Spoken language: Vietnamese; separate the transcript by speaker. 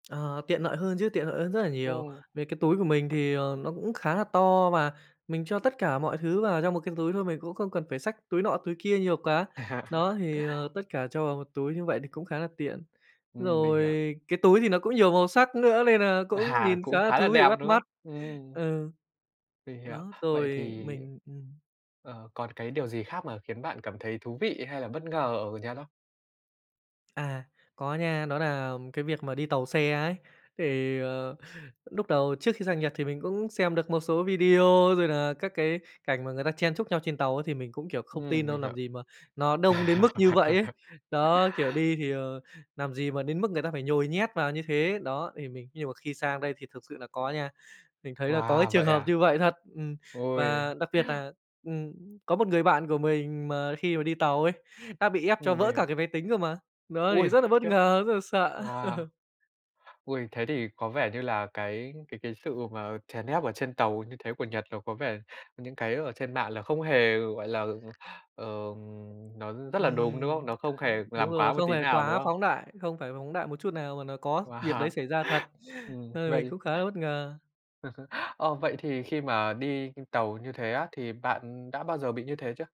Speaker 1: Ờ, tiện lợi hơn chứ, tiện lợi hơn rất là nhiều.
Speaker 2: Ồ.
Speaker 1: Về cái túi của mình thì, ờ, nó cũng khá là to, và mình cho tất cả mọi thứ vào trong một cái túi thôi. Mình cũng không cần phải xách túi nọ túi kia nhiều quá. Đó, thì, ờ, tất cả cho vào một túi như vậy thì cũng khá là tiện.
Speaker 2: Ừm, mình
Speaker 1: Rồi
Speaker 2: hiểu.
Speaker 1: cái túi thì nó cũng nhiều màu sắc nữa, nên nà cũng
Speaker 2: À,
Speaker 1: nhìn
Speaker 2: cũng
Speaker 1: khá là
Speaker 2: khá là
Speaker 1: thú vị,
Speaker 2: đẹp,
Speaker 1: bắt
Speaker 2: đúng không?
Speaker 1: mắt.
Speaker 2: Ừm.
Speaker 1: Ừ.
Speaker 2: Mình hiểu,
Speaker 1: Đó.
Speaker 2: vậy
Speaker 1: Rồi
Speaker 2: thì
Speaker 1: mình ừm.
Speaker 2: ờ, còn cái điều gì khác mà khiến bạn cảm thấy thú vị hay là bất ngờ ở Nhật không?
Speaker 1: À. Có nha, đó nà cái việc mà đi tàu xe ấy, thì, ờ, núc đầu trước khi sang Nhật thì mình cũng xem được một số video rồi nà các cái cảnh mà người ta chen chúc nhau trên tàu. Thì mình cũng, kiểu, không tin
Speaker 2: Ừm,
Speaker 1: đâu,
Speaker 2: mình
Speaker 1: làm
Speaker 2: hiểu.
Speaker 1: gì mà nó đông đến mức như vậy ấy. Đó, kiểu, đi thì, ờ, làm gì mà đến mức người ta phải nhồi nhét vào như thế. Đó, thì mình nhưng mà khi sang đây thì thực sự là có nha. Mình thấy là có cái
Speaker 2: Wow!
Speaker 1: trường
Speaker 2: Vậy
Speaker 1: hợp
Speaker 2: à?
Speaker 1: như vậy thật, ừm.
Speaker 2: Ôi.
Speaker 1: Và đặc biệt là, ừm, có một người bạn của mình mà khi mà đi tàu ấy, đã bị ép cho
Speaker 2: Ừm, mình
Speaker 1: vỡ cả
Speaker 2: hiểu.
Speaker 1: cái máy tính cơ mà. Đó thì
Speaker 2: Ôi!
Speaker 1: rất là bất
Speaker 2: Khiếp.
Speaker 1: ngờ, rất là sợ.
Speaker 2: Wow! Ôi. Thế thì có vẻ như là cái cái cái sự mà chèn ép ở trên tàu như thế của Nhật nó có vẻ những cái ở trên mạng là không hề, gọi là, ờ, nó rất là đúng, đúng
Speaker 1: Ừm,
Speaker 2: không? Nó không hề
Speaker 1: [unintelligible] đúng
Speaker 2: làm quá
Speaker 1: rồi,
Speaker 2: một
Speaker 1: không
Speaker 2: tí
Speaker 1: phải
Speaker 2: nào, đúng
Speaker 1: quá
Speaker 2: không?
Speaker 1: phóng đại, không phải phóng đại một chút nào mà nó có việc đấy
Speaker 2: Wow,
Speaker 1: xảy ra thật,
Speaker 2: ừm,
Speaker 1: nên là mình
Speaker 2: vậy
Speaker 1: cũng khá là bất ngờ.
Speaker 2: Ờ, vậy thì khi mà đi [unintelligible] tàu như thế á, thì bạn đã bao giờ bị như thế chưa?